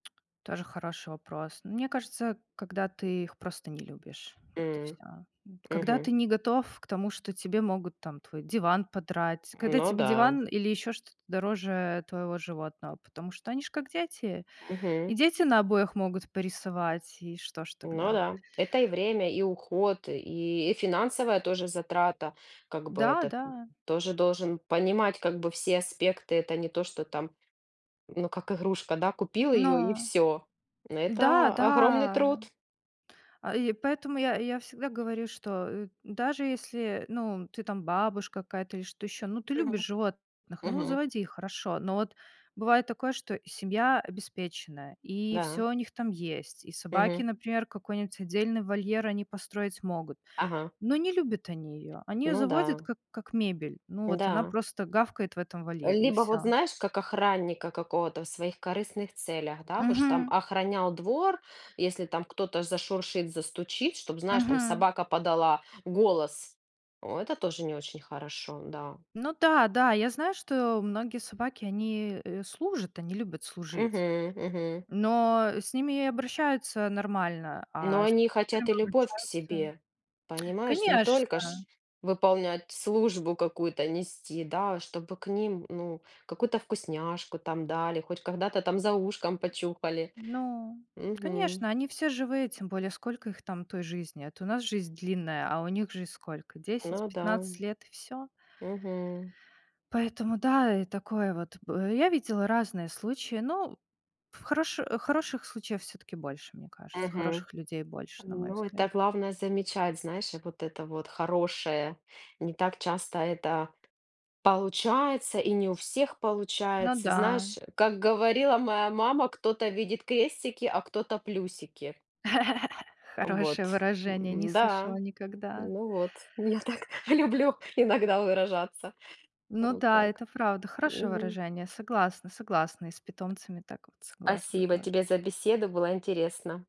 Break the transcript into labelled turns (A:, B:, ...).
A: Тоже хороший вопрос. Мне кажется, когда ты их просто не любишь, вот и всё,
B: М.
A: м. Когда ты
B: Мгм.
A: не готов к тому, что тебе могут там твой диван подрать, когда
B: Ну
A: тебе
B: да.
A: диван или ещё что-то дороже твоего животного, потому что они ж как дети. И
B: Мгм.
A: дети на обоях могут порисовать, и что ж
B: Ну
A: тогда?
B: да. Это и время, и уход, и и финансовая тоже затрата. Как бы
A: Да,
B: этот
A: да.
B: тоже должен понимать как бы все аспекты. Это не то, что там, ну как игрушка, да, купил её и
A: Но
B: всё. Н
A: Да,
B: это огромный
A: да.
B: труд.
A: А, и поэтому я, я всегда говорю, что, э, даже если, ну, ты там бабушка какая-то или что ещё, ну, ты любишь
B: Мгм
A: животных, ну,
B: мгм.
A: заводи их, хорошо. Но вот бывает такое, что семья обеспеченная, и
B: Да.
A: всё у них там есть, и собаки,
B: Мгм.
A: например, какой-нибудь отдельный вольер они построить могут.
B: Ага.
A: Но не любят они её. Они её
B: Ну
A: заводят
B: да.
A: как как мебель. Ну вот она
B: Да.
A: просто гавкает в этом вольере и
B: Либо вот
A: всё.
B: знаешь, как охранника какого-то в своих корыстных целях, да в уж там
A: Мгм.
B: охранял двор, если там кто-то зашуршит, застучит, чтоб знаешь там
A: Мгм.
B: собака подала голос. О, это тоже не очень хорошо, да.
A: Ну да, да, я знаю, что многие собаки, они, э, служат. Они любят служить.
B: Мгм мгм.
A: Но с ними и обращаются нормально.
B: Но
A: А, с
B: они хотят
A: которыми
B: и любовь к
A: обращаются
B: себе. Понимаешь? Не только
A: Конечно.
B: ж выполнять, службу какую-то нести, да, чтобы к ним ну какую-то вкусняшку там дали, хоть когда-то там за ушком почухали.
A: Ну,
B: Мгм.
A: конечно, они все живые. Тем более, сколько их там той жизни? А то у нас жизнь длинная, а у них жизнь сколько? десять
B: Ну да.
A: пятнадцать лет и всё.
B: Мгм.
A: Поэтому, да, и такое вот, б я видела разные случаи, но в хороши хороших случаев всё-таки больше, мне кажется.
B: Мгм.
A: Хороших людей больше, на мой
B: Ну это
A: взгляд.
B: главное замечать, знаешь, вот это вот хорошее. Не так часто это получается и не у всех
A: Ну
B: получается,
A: да.
B: знаешь, как говорила моя мама кто-то видит крестики, а, кто-то плюсики. Э, вот,
A: Хорошее выражение. Не
B: м-да.
A: слышала никогда.
B: Ну вот, я так люблю иногда выражаться.
A: Ну
B: Вот
A: да,
B: так.
A: это правда. Хорошее
B: Мгм.
A: выражение. Согласна, согласна. И с питомцами так вот согласна
B: Спасибо
A: тоже.
B: тебе за беседу, было интересно.